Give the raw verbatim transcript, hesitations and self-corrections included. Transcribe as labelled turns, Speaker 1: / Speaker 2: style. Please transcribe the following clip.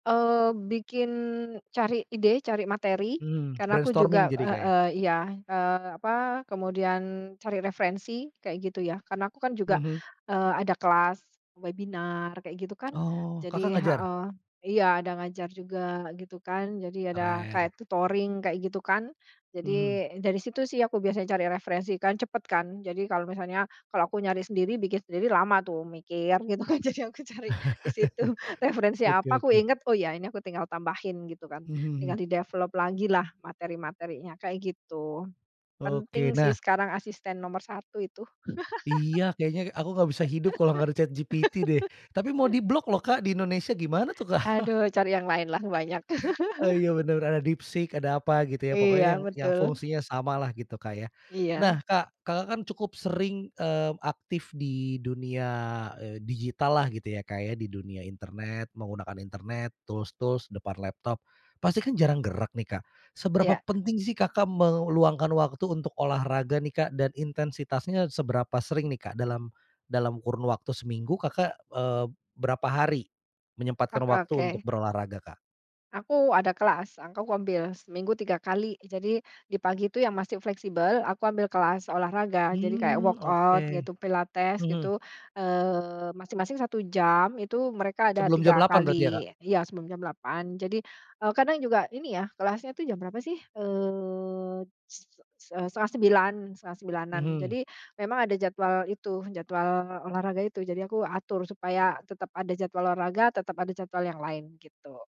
Speaker 1: Eee, bikin cari ide, cari materi
Speaker 2: Hmm,
Speaker 1: karena aku
Speaker 2: brainstorming
Speaker 1: juga
Speaker 2: jadi Kak ya?
Speaker 1: heeh, iya, eee, apa, kemudian cari referensi kayak gitu ya karena aku kan juga,
Speaker 2: Mhm.
Speaker 1: eee, ada kelas webinar kayak gitu kan
Speaker 2: Oh, Kakak
Speaker 1: jadi
Speaker 2: ngajar?
Speaker 1: heeh, iya ada ngajar juga gitu kan, jadi ada
Speaker 2: Keren.
Speaker 1: kayak tutoring kayak gitu kan. Jadi
Speaker 2: Mhm.
Speaker 1: dari situ sih aku biasanya cari referensi kan cepet kan, jadi kalo misalnya, kalo aku nyari sendiri bikin sendiri lama tuh mikir gitu, kan jadi aku cari di situ referensi
Speaker 2: Oke
Speaker 1: apa aku
Speaker 2: oke.
Speaker 1: inget oh ya ini aku tinggal tambahin gitu kan
Speaker 2: Mhm
Speaker 1: tinggal
Speaker 2: mhm.
Speaker 1: di-develop lagi lah materi-materinya kayak gitu.
Speaker 2: Oke,
Speaker 1: Penting sih
Speaker 2: nah
Speaker 1: sekarang asisten nomor satu itu.
Speaker 2: Iya, kayaknya aku nggak bisa hidup kalau gak ada ChatGPT deh. Tapi mau diblok loh Kak di Indonesia gimana tuh, Kak?
Speaker 1: Aduh cari yang lain lah banyak.
Speaker 2: Oh iya, bener ada DeepSeek, ada apa gitu ya,
Speaker 1: Iya,
Speaker 2: pokoknya yang yang
Speaker 1: betul.
Speaker 2: fungsinya sama lah gitu Kak ya.
Speaker 1: Iya.
Speaker 2: Nah Kak, Kakak kan cukup sering, mmm, aktif di dunia, eee, digital lah gitu ya Kak ya, di dunia internet, menggunakan internet, tools-tools, depan laptop. Pasti kan jarang gerak nih Kak, seberapa
Speaker 1: Iya.
Speaker 2: penting sih Kakak meluangkan waktu untuk olahraga nih Kak? Dan intensitasnya seberapa sering nih Kak? Dalam dalam kurun waktu seminggu Kakak, eee, berapa hari
Speaker 1: Oh,
Speaker 2: menyempatkan waktu untuk
Speaker 1: oke.
Speaker 2: berolahraga Kak?
Speaker 1: Aku ada kelas. Aku ngambil seminggu tiga kali jadi di pagi itu yang masih fleksibel aku ambil kelas olahraga, jadi kayak
Speaker 2: Hmm,
Speaker 1: workout
Speaker 2: oke.
Speaker 1: gitu, pilates
Speaker 2: Hmm.
Speaker 1: gitu, eee, masing-masing satu jam, itu mereka ada
Speaker 2: Sebelum jam
Speaker 1: tiga
Speaker 2: delapan berarti ya, Kak?
Speaker 1: kali. Iya sebelum jam delapan, jadi, eee, kadang juga ini ya, kelasnya itu jam berapa sih, eee, se se set setengah sembilan, setengah sembilanan.
Speaker 2: Mhm.
Speaker 1: Jadi memang ada jadwal itu, jadwal olahraga itu, jadi aku atur supaya tetap ada jadwal olahraga, tetap ada jadwal yang lain gitu.